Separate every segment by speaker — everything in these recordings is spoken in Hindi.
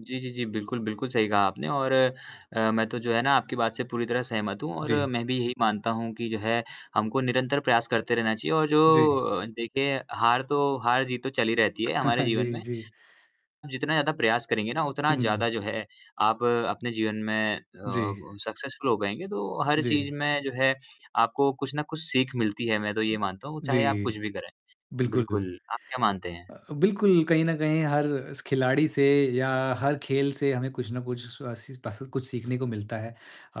Speaker 1: जी, जी, जी। बिल्कुल, बिल्कुल सही कहा आपने और अ, मैं तो जो है ना आपकी बात से पूरी तरह सहमत हूँ और
Speaker 2: जी।
Speaker 1: मैं भी यही मानता हूँ कि जो है, हमको निरंतर प्रयास करते रहना चाहिए और जो
Speaker 2: जी।
Speaker 1: अ, देखें हार तो, हार-जीत तो चली रहती है हमारे
Speaker 2: जी,
Speaker 1: जीवन में।
Speaker 2: जी।
Speaker 1: हम जितना ज़्यादा प्रयास करेंगे ना उतना
Speaker 2: हुँ।
Speaker 1: ज़्यादा जो है आप अपने जीवन में अ,
Speaker 2: जी।
Speaker 1: ब सक्सेस्फ़ुल हो पाएँगे, तो हर चीज़
Speaker 2: जी।
Speaker 1: में जो है आपको कुछ न कुछ सीख मिलती है, मैं तो ये मानता हूँ, चाहे आप
Speaker 2: जी।
Speaker 1: कुछ भी करें।
Speaker 2: बिल्कुल
Speaker 1: बिल्कुल, आप क्या मानते हैं?
Speaker 2: अ, बिलकुल, कहीं न कहीं हर खिलाड़ी से या हर खेल से हमें कुछ न कुछ अ, सी पस कुछ सीखने को मिलता है। अ,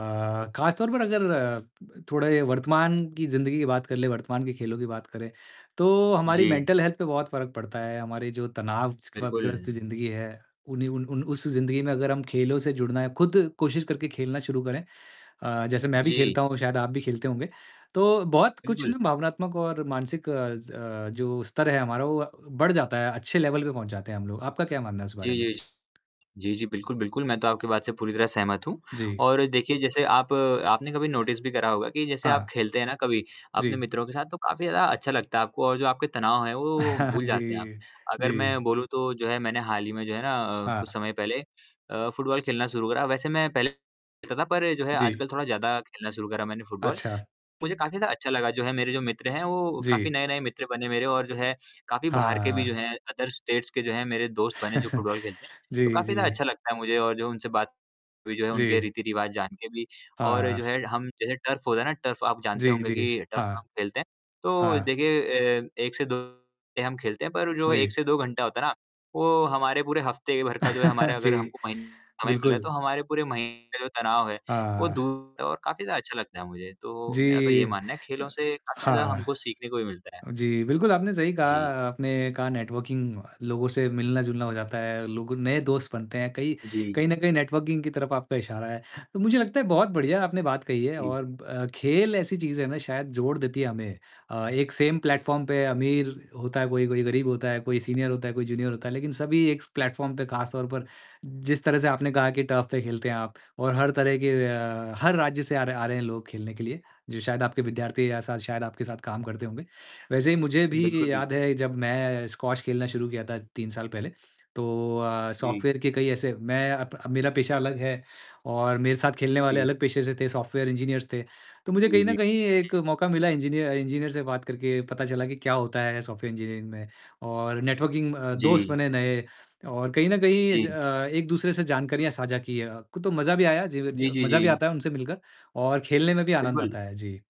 Speaker 2: खासतौर पर अगर थोड़े वर्तमान की ज़िंदगी की बात कर लें, वर्तमान के खेलों की बात करें, तो हमारी
Speaker 1: जी।
Speaker 2: मेंटल हेल्थ पे बहुत फ़र्क पड़ता है, हमारी जो तनावग्रस्त
Speaker 1: बिल्कुल।
Speaker 2: ज़िंदगी है, उन युन उन उस ज़िंदगी में अगर हम खेलों से जुड़ना है खुद कोशिश करके खेलना शुरू करें, अ, जैसे मैं भी
Speaker 1: जी।
Speaker 2: खेलता हूँ, शायद आप भी खेलते होंगे। तो बहुत कुछ
Speaker 1: बिल्कुल।
Speaker 2: ना भावनात्मक और मानसिक अज़ अ, जो स्तर है हमारा, वो बढ़ जाता है, अच्छे लेवल पे पहुँच जाते हैं हम लोग। आपका क्या मानना है इस बारे
Speaker 1: जी,
Speaker 2: में?
Speaker 1: जी। जी, जी। बिलकुल, बिल्कुल। मैं तो आपकी बात से पूरी तरह सहमत हूँ
Speaker 2: जी।
Speaker 1: और देखिए जैसे आप आपने कभी नोटिस भी करा होगा कि जैसे आप
Speaker 2: हाँ।
Speaker 1: खेलते हैं ना कभी अपने
Speaker 2: जी।
Speaker 1: मित्रों के साथ, तो काफ़ी ज़्यादा अच्छा लगता है आपको और जो आपके तनाव हैं वो भूल
Speaker 2: जी।
Speaker 1: जाते हैं आप। अगर मैं
Speaker 2: जी।
Speaker 1: बोलूँ तो जो है मैंने हाल ही में जो है ना अ, कुछ
Speaker 2: हाँ।
Speaker 1: समय पहले अ, फुटबॉल खेलना शुरू करा, वैसे मैं पहले [unintelligible] था पर जो है
Speaker 2: जी।
Speaker 1: आजकल थोड़ा ज़्यादा खेलना शुरू करा मैंने फुटबॉल।
Speaker 2: अच्छा।
Speaker 1: मुझे काफ़ी ज़्यादा अच्छा लगा, जो है मेरे जो मित्र हैं, वो काफ़ी
Speaker 2: जी।
Speaker 1: नए-नए मित्र बने मेरे और जो है काफ़ी बाहर के भी जो
Speaker 2: हाँ।
Speaker 1: हैं, अदर स्टेट्स के जो हैं मेरे दोस्त बने, जो फुटबॉल खेलते हैं, तो
Speaker 2: जी,
Speaker 1: काफ़ी ज़्यादा
Speaker 2: जी।
Speaker 1: अच्छा लगता है मुझे और जो उनसे बात हुई, जो है उनके
Speaker 2: जी।
Speaker 1: रीति-रिवाज़ जानके भी और जो
Speaker 2: हाँ।
Speaker 1: है हम जैसे टर्फ़ होता है ना, टर्फ़ आप जानते
Speaker 2: जी,
Speaker 1: होंगे
Speaker 2: जी।
Speaker 1: कि टर्फ़ पे
Speaker 2: हाँ।
Speaker 1: हम खेलते हैं, तो
Speaker 2: हाँ।
Speaker 1: देखिए अ, 1 से 2 [unintelligible] हम खेलते हैं, पर जो 1
Speaker 2: जी।
Speaker 1: से 2 घंटा होता है ना, वो हमारे पूरे हफ़्ते भर का जो है हमारे अगर
Speaker 2: जी,
Speaker 1: हमको [unintelligible] समय मिले
Speaker 2: बिल्कुल।
Speaker 1: तो हमारे पूरे महीने का जो तनाव है वो
Speaker 2: हाँ।
Speaker 1: दूर [unintelligible] और काफ़ी ज़्यादा अच्छा लगता है मुझे, तो मेरा तो ये
Speaker 2: जी।
Speaker 1: मानना है, खेलों
Speaker 2: ह
Speaker 1: से काफ़ी ज़्यादा
Speaker 2: हाँ।
Speaker 1: हमको सीखने को भी मिलता है।
Speaker 2: जी, बिल्कुल, आपने सही कहा
Speaker 1: जी।
Speaker 2: आपने कहा, नेटवर्किंग, लोगों से मिलना-जुलना हो जाता है। लोग नए दोस्त बनते हैं कई, कई
Speaker 1: जी।
Speaker 2: कहीं न कहीं नेटवर्किंग की तरफ आपका इशारा है, तो मुझे लगता है बहुत बढ़िया आपने बात कही है
Speaker 1: जी।
Speaker 2: और ब अ, खेल ऐसी चीज़ है ना, शायद जोड़ देती है हमें। अ, एक सेम प्लेटफ़ॉर्म पे अमीर होता है कोई, कोई गरीब होता है, कोई सीनियर होता है, कोई जूनियर होता है, लेकिन सभी एक प्लेटफ़ॉर्म पर, खासतौर पर जिस तरह से आपने कहा कि टर्फ़ पे खेलते हैं आप और हर तरह के अ, हर राज्य से आ रहे हैं आ रहे हैं लोग खेलने के लिए, जो शायद आपके विद्यार्थी या सा शायद आपके साथ काम करते होंगे। वैसे ही मुझे
Speaker 1: बिल्कुल,
Speaker 2: भी याद
Speaker 1: बिल्कुल।
Speaker 2: है जब मैं स्क्वाश खेलना शुरू किया था, तीन साल पहले, तो अ,
Speaker 1: जी।
Speaker 2: सॉफ़्टवेयर के कई ऐसे मैं अब अब मेरा पेशा अलग है और मेरे साथ खेलने वाले
Speaker 1: जी।
Speaker 2: अलग पेशे से थे, सॉफ़्टवेयर इंजीनियर्स थे, तो मुझे
Speaker 1: जी,
Speaker 2: कहीं न
Speaker 1: जी।
Speaker 2: कहीं एक
Speaker 1: जी।
Speaker 2: मौका मिला इंजीनिय इंजीनियर से बात करके पता चला कि क्या होता है सॉफ़्टवेयर इंजीनियरिंग में और नेटवर्किंग अ, दोस्त
Speaker 1: जी।
Speaker 2: बने नए और कहीं न कहीं ज
Speaker 1: जी।
Speaker 2: अ, एक-दूसरे से जानकारियाँ साझा की अ, क तो मज़ा भी आया, जीवि ज
Speaker 1: जी, जी,
Speaker 2: मज़ा भी
Speaker 1: जी।
Speaker 2: आता है उनसे मिलकर और खेलने में भी आनंद
Speaker 1: बिल्कुल।
Speaker 2: आता है। जी।